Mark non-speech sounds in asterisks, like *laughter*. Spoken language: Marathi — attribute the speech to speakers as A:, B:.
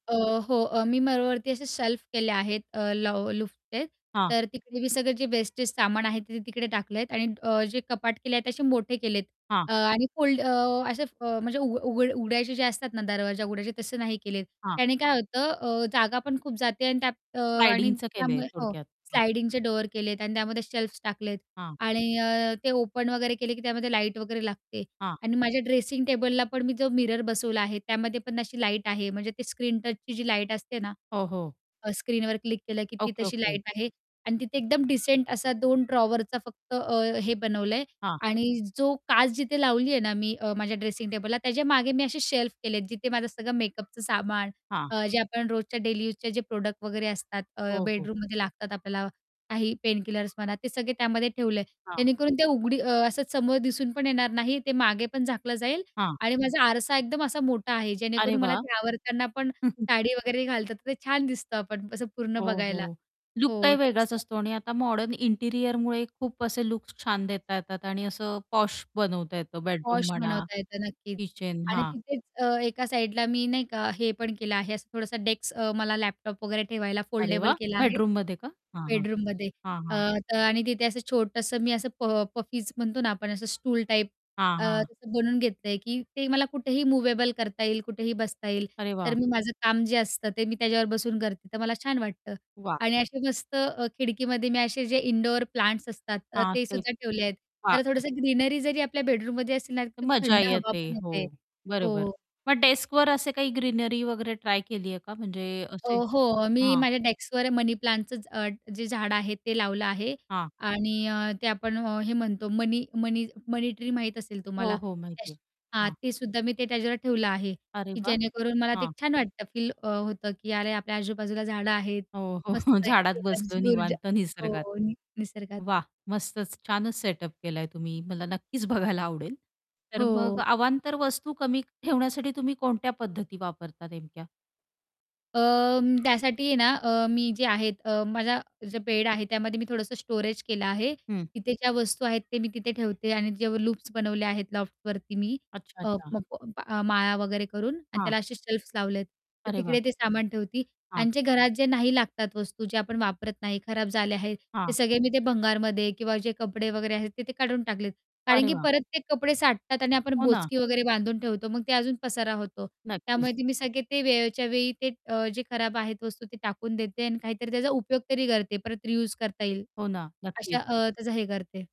A: अ, हो अ, मी माळावरती असे शेल्फ केले आहेत, अ, ल लाॅफ्टचे
B: हां.
A: तर तिकडे मी सगळे जे वेस्टेज सामान आहे ते तिकडे टाकले आहेत, आणि अ, जे कपाट केले आहेत. ते असे मोठे केले आहेत
B: हां
A: अ, आणि फुल्ड अ, असे म्हणजे अ, उघड उघड उघडायचे जे असतात ना, दरवाजे उघडायचे, तसं नाही केलेत.
B: हां.
A: त्याने काय होतं? अ, जागा पण खूप जाते, आणि त्यात, अ, आणि
B: स्लाइडिंगचं केलंय
A: त्यामुळे हो,
B: थोडक्यात. हां.
A: स्लाइडिंगचे डोअर केलेत, आणि त्यामध्ये शेल्फ्स टाकलेत,
B: हां.
A: आणि अ, ते ओपन वगैरे केले की त्यामध्ये लाईट वगैरे लागते,
B: हां.
A: आणि माझ्या ड्रेसिंग टेबलला पण मी जो मिरर बसवला आहे. त्यामध्ये पण अशी लाईट आहे, म्हणजे ते स्क्रीन टचची जी लाईट असते ना
B: हो, हो.
A: अ, स्क्रीनवर क्लिक केलं, की ती
B: ओके,
A: तशी
B: ओके.
A: लाईट आहे, आणि तिथे एकदम डिसेंट असा 2 ड्रॉवरचा फक्त अ हे बनवलंय,
B: हां.
A: आणि जो काच जिथे लावलीये ना मी. अ, माझ्या ड्रेसिंग टेबलला त्याच्या मागे, मी असे शेल्फ केलेत. जिथे माझं सगळं मेकअपचं सामान
B: हां.
A: अ, जे आपण रोजच्या डेली यूजचे जे प्रॉडक्ट वगैरे, असतात. अ,
B: हो, हो.
A: बेडरूममध्ये लागतात आपल्याला काही पेन किलर्स म्हणा, ते सगळे त्यामध्ये ठेवलं आहे.
B: हां.
A: जेणेकरून ते उघडी असं समोर दिसून पण येणार नाही. ते मागे पण झाकलं जाईल,
B: हां.
A: आणि माझा आरसा एकदम असा मोठा आहे.
B: अरे
A: जेणेकरून मला
B: वाह!
A: ते आवरताना पण,
B: *chuckles*
A: साडी वगैरे घालतात तर ते छान दिसतं आपण, असं पूर्ण
B: हो,
A: बघायला.
B: हो. लूक
A: हो,
B: काही
A: तर
B: वेगळाच
A: तसं.
B: असतो, आणि आता मॉडर्न इंटिरियरमुळे खूप असे लूक्स छान देता येतात, आणि असं पाॅश बनवता येतं बेडरूम
A: पाॅश
B: म्हणा,
A: बनवता येतं नक्कीच,
B: किचन,
A: आणि
B: हां.
A: तिथेच अ, एका साइडला मी नाही का, हे पण केलं आहे. असं थोडासा डेस्क अ, मला लॅपटॉप वगैरे ठेवायला
B: अरे
A: फोल्डेबल
B: वाह!
A: केला आहे.
B: बेडरूम मध्ये का? हां, हां,
A: बेडरूममध्ये
B: हां,
A: अ,
B: हां.
A: तर, आणि तिथे असं छोटंसं मी असं प पफीज म्हणतो ना आपण, असं स्टूल टाईप
B: हां,
A: अ,
B: हां.
A: असं बनवून घेतलंय, की ते मला कुठेही मूव्हेबल करता येईल, कुठेही बसता येईल.
B: अरे
A: तर
B: वाह!
A: मी माझं काम जे असतं ते मी त्याच्यावर बसून करते. तर मला छान वाटतं,
B: वाह!
A: आणि असे मस्त खिडकीमध्ये मी असे जे इंडोअर प्लांट्स असतात अ,
B: हां,
A: ते
B: ते.
A: सुद्धा ठेवले आहेत.
B: हां,
A: त्याला
B: ते.
A: थोडसं ग्रीनरी जरी आपल्या बेडरूममध्ये असेल ना, तर खूप
B: मजा
A: थंड हवा
B: येते.
A: पण
B: हो,
A: येते.
B: बरोबर.
A: हो,
B: मग डेस्कवर असे काही ग्रीनरी वगैरे ट्राय केली आहे का? म्हणजे
A: अ,
B: असे,
A: हो, मी
B: हां.
A: माझ्या डेस्कवर मनी प्लांटचं अ, जे झाड आहे ते लावलं आहे,
B: हां.
A: आणि अ, ते आपण हे म्हणतो मनी मनी मनी ट्री माहीत असेल
B: हो,
A: तुम्हाला.
B: हो, माहिती आहे.
A: हां,
B: हां.
A: तेसुद्धा मी ते त्याच्यावर ठेवलं आहे,
B: अरे
A: की
B: वाह!
A: जेणेकरून मला ते
B: हां.
A: छान वाटतं. फील अ, होतं, की अरे! आपल्या आजूबाजूला झाडं आहेत,
B: हो, हो,
A: मस्त
B: हो.
A: आहे
B: झाडात
A: एक
B: बसलो
A: एनर्जी ऊर्जा.
B: निवांत, निसर्गात.
A: हो, निसर्गात.
B: वाह! मस्तच, छानच! सेटअप केलाय तुम्ही, मला नक्कीच बघायला आवडेल तर मग
A: हो.
B: अवांतर वस्तू कमी ठेवण्यासाठी तुम्ही कोणत्या पद्धती वापरता नेमक्या?
A: अ, त्यासाठी आहे ना अ, मी जे आहेत, माझा जो बेड आहे, त्यामध्ये मी थोडंसं स्टोरेज केलं आहे.
B: हं.
A: तिथे ज्या वस्तू आहेत ते मी तिथे ठेवते, आणि जे लूप्स बनवले आहेत लॉफ्टवरती मी
B: अच्छा,
A: अ-अ
B: अच्छा.
A: म माळा वगैरे करून आणि
B: हां.
A: त्याला असे शेल्फ्स लावले आहेत. तर
B: अरे
A: तिकडे
B: वाह!
A: ते सामान ठेवते,
B: हां.
A: आणि जे घरात जे नाही लागतात वस्तू जे आपण वापरत नाही, खराब झाले आहेत.
B: हां.
A: ते सगळे मी ते भंगारमध्ये किंवा जे कपडे वगैरे आहेत ते ते काढून टाकलेत, कारण
B: अरे
A: की
B: वाह!
A: परत ते कपडे साठतात आणि आपण
B: हो ना.
A: बोचकी वगैरे बांधून ठेवतो, मग ते अजून पसारा होतो. त्यामुळे
B: नक्कीच.
A: ते मी सगळे ते वेळच्या वेळी, ते जे अ, खराब आहेत वस्तू ते टाकून देते, आणि काहीतरी त्याचा उपयोग तरी करते. परत रियूज करता येईल,
B: हो ना,
A: अशा
B: नक्कीच.
A: अ, त्याचा हे करते.